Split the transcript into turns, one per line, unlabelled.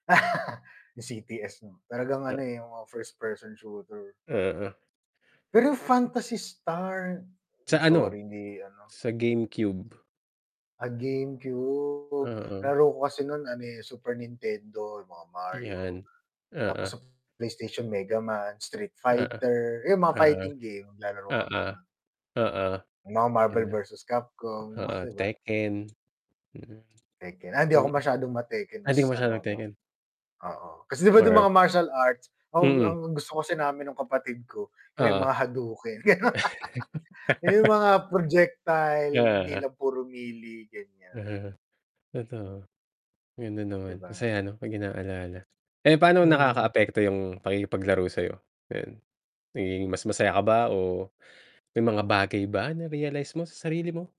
Yung CTS 'no. Talagang ano,
Ya
eh, yung mga first person shooter.
Oo.
Pero Fantasy Star.
Sa ano,
Sorry, hindi ano.
sa GameCube.
Ah, GameCube,
Mm.
nalaro ko kasi nun ano, eh, Super Nintendo, yung mga Mario,
Ayan,
tapos
oo.
sa PlayStation Megaman, Street
Oo.
Fighter, yun mga
Oo.
fighting game naglalaro ka
Oo.
ba nun?
Oo.
Yung mga Marvel
Yeah.
versus Capcom
Oo,
'di ba?
Tekken, mm.
Tekken, ah, hindi ako
Mm.
masyadong ma-Tekken
Ah, hindi ka
mas
masyadong
ano ko
nag-Tekken.
oo, kasi 'di ba dun mga
[unintelligible]
martial arts. Oh,
Mm.
ang gusto kasi namin nung kapatid ko yung may
Oo.
mga hadouken. Yung mga projectile, hindi
Oo.
lang puro melee, ganyan.
Uh-huh, totoo. Ganun
'Di
naman,
ba?
masaya ano, 'pag inaalala. Eh, paano
Mm.
nakakaapekto yung pakikipaglaro sa'yo, ngayon? Nagiging mas masaya ka ba o may mga bagay ba na-realize mo sa sarili mo?